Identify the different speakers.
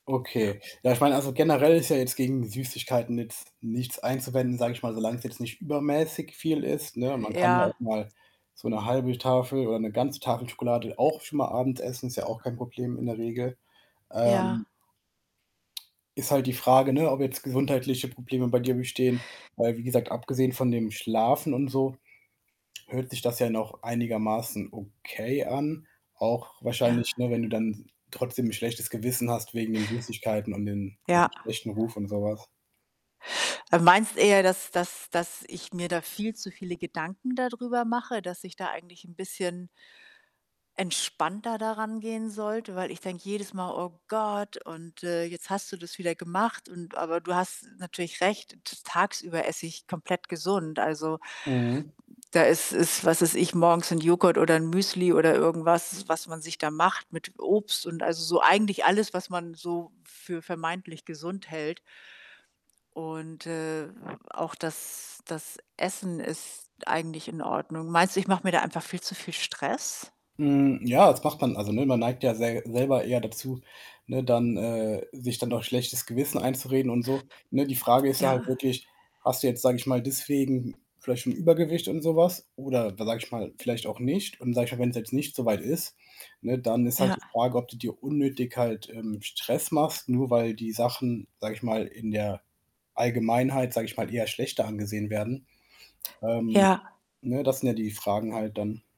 Speaker 1: Ja.
Speaker 2: Okay. Ja, ich meine, also, generell ist ja jetzt gegen Süßigkeiten jetzt nichts einzuwenden, sage ich mal, solange es jetzt nicht übermäßig
Speaker 1: J
Speaker 2: viel ist, ne? Man
Speaker 1: äh,
Speaker 2: kann ja auch
Speaker 1: ja.
Speaker 2: mal so 'ne 1/2 Tafel oder 'ne ganze Tafel Schokolade auch schon mal abends essen. Ist ja auch kein Problem in der Regel.
Speaker 1: Ja.
Speaker 2: Ähm Ist halt die Frage, ne, ob jetzt gesundheitliche Probleme bei dir bestehen, weil wie gesagt, abgesehen von dem Schlafen und so, hört sich das ja noch einigermaßen okay an. Auch
Speaker 1: Ja.
Speaker 2: wahrscheinlich, ne, wenn du dann trotzdem 'n schlechtes Gewissen hast wegen den Süßigkeiten und den, ne,
Speaker 1: Ja.
Speaker 2: schlechten Ruf und so was.
Speaker 1: Du meinst eher, dass dass dass ich mir da viel zu viele Gedanken dadrüber mache. Dass ich da eigentlich 'n bisschen entspannter da rangehen sollte, weil ich denke jedes Mal: „Oh Gott und, äh, jetzt hast du das wieder gemacht und“ aber du hast natürlich recht, t tagsüber esse ich komplett gesund. Also
Speaker 2: Mhm.
Speaker 1: da ist ist, was weiß ich, morgens Joghurt oder Müsli oder irgendwas, was man sich da macht mit Obst und also, so eigentlich alles, was man so für vermeintlich gesund hält. Und, äh, auch das das Essen ist eigentlich in Ordnung. Meinst du, ich mache mir da einfach viel zu viel Stress?
Speaker 2: Hm, ja, das macht man also, ne, man neigt ja sel selber eher dazu, ne, dann, äh, sich dann noch schlechtes Gewissen einzureden und so, ne? Die Frage ist ja halt
Speaker 1: Ja.
Speaker 2: wirklich, hast du jetzt, sage ich mal, deswegen vielleicht schon Übergewicht und so was? Oder wa sage ich mal, vielleicht auch nicht? Und, sage ich mal, wenn's jetzt nicht so weit ist, ne, dann ist halt
Speaker 1: Ja.
Speaker 2: die Frage, ob du dir unnötig halt, ähm, Stress machst, nur weil die Sachen, sage ich mal, in der Allgemeinheit, sage ich mal, eher schlechter angesehen werden. Ähm,
Speaker 1: Ja.
Speaker 2: ne, das sind ja die Fragen halt dann.